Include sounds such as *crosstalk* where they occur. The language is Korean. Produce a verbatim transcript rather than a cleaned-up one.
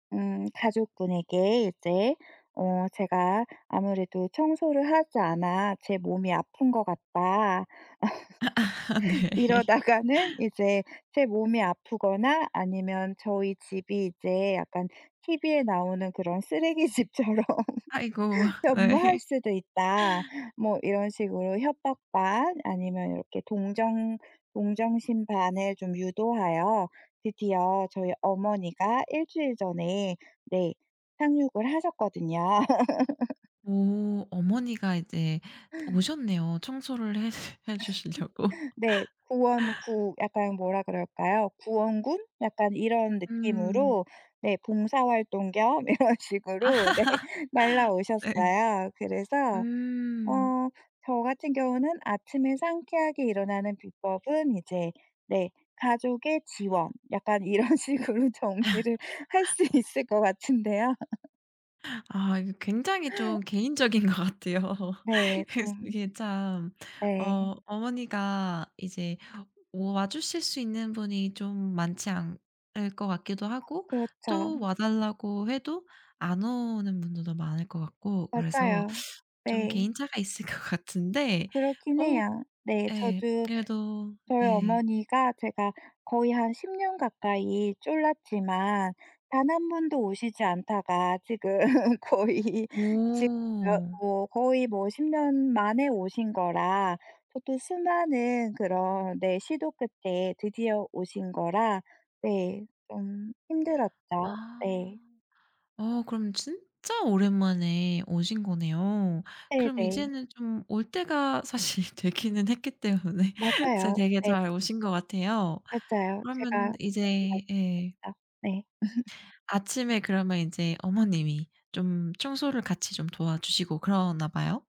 음, 가족분에게 이제 "어 제가 아무래도 청소를 하지 않아 제 몸이 아픈 것 같다. 아 *laughs* 네. 이러다가는 이제 제 몸이 아프거나 아니면 저희 집이 이제 약간 티비에 나오는 그런 쓰레기 집처럼 아이고, 변모할 네. 수도 있다." 뭐 이런 식으로 협박 반 아니면 이렇게 동정 동정심 반을 좀 유도하여 드디어 저희 어머니가 일 주일에 전에 네 상륙을 하셨거든요. *laughs* 오 어머니가 이제 오셨네요. 청소를 해 해 주시려고. *laughs* 네. 구원구 약간 뭐라 그럴까요? 구원군? 약간 이런 음. 느낌으로 네 봉사활동 겸 이런 식으로 네 *laughs* 네. 날아오셨어요. 그래서 음. 어 저 같은 경우는 아침에 상쾌하게 일어나는 비법은 이제 네. 가족의 지원 약간 이런 식으로 정리를 할 *laughs* 수 있을 것 같은데요. 아 이거 굉장히 좀 개인적인 것 같아요. 네. 그래서 좀 이게 참 네. 어 어머니가 이제 와 주실 수 있는 분이 좀 많지 않을 것 같기도 하고 그렇죠. 또 와 달라고 해도 안 오는 분들도 많을 것 같고 그래서 맞아요. 좀 네. 개인차가 있을 것 같은데 그렇긴 어 해요. 네, 예 저도 그래도 저희 예. 어머니가 제가 거의 한 십년 가까이 졸랐지만 단 한 번도 오시지 않다가 지금 거의 오. *unintelligible* 거의 뭐 십년 만에 오신 거라 저도 수많은 그런 네 시도 끝에 드디어 오신 거라 네 좀 힘들었죠. 아 네. 어 그럼 진짜 오랜만에 오신 거네요. 그럼 네네. 이제는 좀 올 때가 사실 되기는 했기 때문에 잘 맞아요. 되게 네. 잘 오신 것 같아요. 맞아요. 그러면 제가 그렇게 이제 예. 말씀드렸죠 네. *laughs* 아침에 그러면 인제 어머님이 좀 청소를 같이 좀 도와주시고 그러나 봐요?